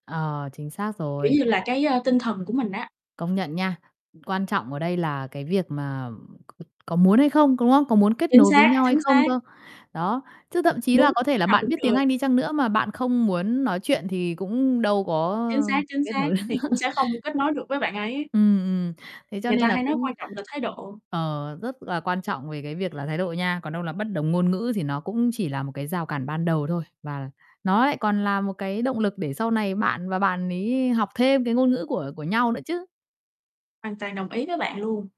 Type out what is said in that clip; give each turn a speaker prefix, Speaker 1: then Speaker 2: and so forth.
Speaker 1: Ờ, chính xác
Speaker 2: Kiểu
Speaker 1: rồi.
Speaker 2: như, là, cái, a, tinh thần của mình á.
Speaker 1: Công nhận nha. Quan trọng ở đây là cái việc mà c có muốn hay không, có đúng không? Có muốn kết
Speaker 2: Chính
Speaker 1: nối với
Speaker 2: xác,
Speaker 1: nhau hay
Speaker 2: chính
Speaker 1: không
Speaker 2: xác.
Speaker 1: cơ. Đó, chứ thậm chí là
Speaker 2: Muốn
Speaker 1: có thể là
Speaker 2: nào
Speaker 1: bạn
Speaker 2: cũng
Speaker 1: biết tiếng
Speaker 2: được.
Speaker 1: Anh đi chăng nữa mà bạn không muốn nói chuyện thì cũng đâu có
Speaker 2: Chính xác, chính
Speaker 1: kết
Speaker 2: xác
Speaker 1: nối
Speaker 2: thì cũng sẽ không kết nối được với bạn ấy.
Speaker 1: Ừm, ừm, thế cho
Speaker 2: Người ta
Speaker 1: nên là
Speaker 2: hay nói
Speaker 1: cũng
Speaker 2: quan trọng là thái độ.
Speaker 1: ờ, rất là quan trọng về cái việc là thái độ nha. Còn đâu là bất đồng ngôn ngữ thì nó cũng chỉ là một cái rào cản ban đầu thôi. Và nó lại còn là một cái động lực để sau này bạn và bạn ấy học thêm cái ngôn ngữ của của nhau nữa chứ.
Speaker 2: Hoàn toàn đồng ý với bạn luôn.